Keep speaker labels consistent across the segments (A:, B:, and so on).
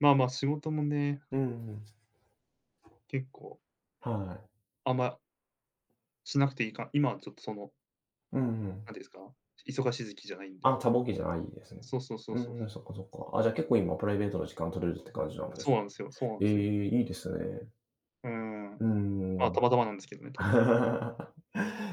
A: まあまあ、仕事もね。
B: うん。
A: 結構。
B: はい。
A: あんましなくていいか、今はちょっとその
B: うんう
A: 何て言う
B: ん。
A: んですか、忙しい時期じゃないんで
B: あ
A: ね。
B: あ、多忙期じゃないですね。
A: そう、そうそう
B: う
A: そう
B: ん
A: そ
B: うん、
A: う。
B: そっかそっか。あ、じゃあ結構今プライベートな時間取れるって感じなんで
A: そう
B: す？
A: なんですよそうなんで
B: え
A: すよ。
B: え、いいですね。
A: うー
B: う
A: ん、
B: ーん。
A: ま
B: な
A: あ、
B: ん
A: た
B: か。
A: またまなんですけどね、多分。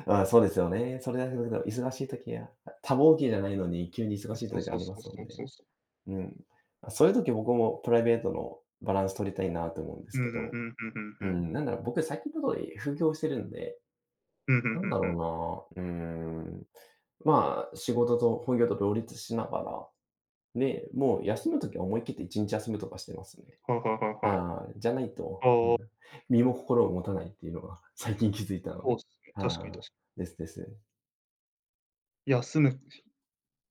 B: ああそうですよね。それだけ [unintelligible] 忙しい時は多忙期じゃないのに急に忙しい
A: そう
B: 時が
A: そ
B: あ
A: う
B: りま
A: そう
B: す
A: そ
B: もん
A: う
B: ね。
A: そうそう。
B: うん。あ、そういう時僕もプライベートのバランス取りたいなと思うんで
A: ふ
B: すけ
A: んふんふ
B: ど。
A: んふんふんふ
B: う
A: ん。
B: ん、なんだろう僕さき程 [unintelligible] 副業してるんで、
A: ふんふん
B: な
A: ふ
B: ん
A: ん
B: だ
A: ふん。
B: ろうな。うん、まあ、仕事と本業と両立しながら、ね、もう休む時は思い切って1日休むとかしてますね。
A: はいはいはいはい。
B: ああ、じゃないと、う
A: ああ。
B: ん、身も心を持たないっていうのが最近気づいたの
A: そ
B: で。
A: うですね、確かに確
B: は
A: かに。
B: い、ですです。
A: 休む [unintelligible]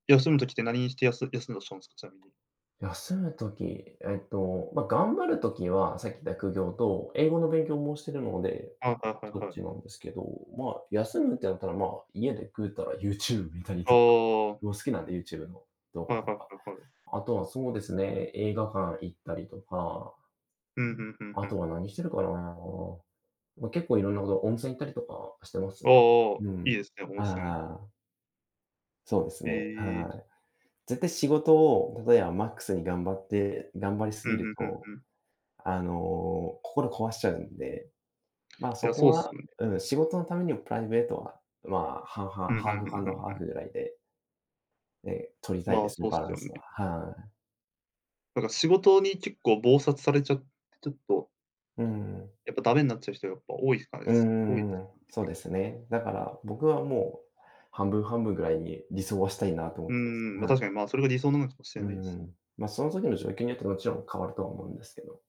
A: 休む時って何にしてやす休んだとしたんですか、ちなみに。
B: 休む時、えっと、まあ頑張る時はさっき言った副業と英語の勉強もしてるので、
A: ああ、はいはい
B: そっ
A: は
B: ち
A: い。
B: なんですけど、まあ休むってなったらまあ家でぐうたら YouTube 見たり
A: あ
B: とか、
A: あ。
B: もう好きなんで YouTube の動
A: は
B: 画
A: いは
B: と
A: いは
B: か。
A: いはい。
B: あとはそうですね、映画館行ったりとか。
A: ふんふんふん
B: あ
A: ふ
B: と
A: ん。
B: は何してるかな。ま、結構いろんなこと温泉行ったりとかしてま
A: あ
B: す
A: あ
B: ね。
A: ああ、
B: う
A: いい
B: ん。
A: ですね、温
B: ああ
A: 泉。
B: ああ。そうですね、
A: へえ。
B: はい。絶対仕事を例えばマックスに頑張って頑張りす
A: うんう
B: ぎる
A: んうん
B: と、
A: うん。
B: あの、心壊しちゃうんで、ま、
A: い
B: そ
A: や、
B: こ
A: そうです
B: は、
A: ね。
B: うん、仕事のためにもプライベートは、まあ、半
A: ふ
B: 々、
A: んふ
B: ハー
A: んふ
B: フア
A: ん
B: ン
A: ふ
B: ド
A: ん
B: ハ
A: ふ
B: ー
A: ん。
B: フぐらいでええ、取りたい
A: ま
B: で
A: あ、
B: すね、
A: そうっ
B: バ
A: す
B: ラン
A: よ
B: スは、
A: ね。
B: はい。
A: なんか、仕事に結構忙殺されちゃって、ちょっと。
B: うん。
A: やっぱ駄目になっちゃう人がやっぱ多いですかね、
B: う
A: す多いで
B: んうんう
A: す
B: ん、
A: かね、
B: そう
A: 結
B: です
A: 構。
B: ね。だから僕はもう半分半分ぐらいに理想はしたいなと思
A: う
B: ってます。
A: んうん、ま、
B: は
A: 確
B: い。
A: かに、ま、それが理想なのかもしれ
B: う
A: ないで
B: んう
A: すね。
B: ん、まあその時の状況によってもちろん変わるとは思うんですけど。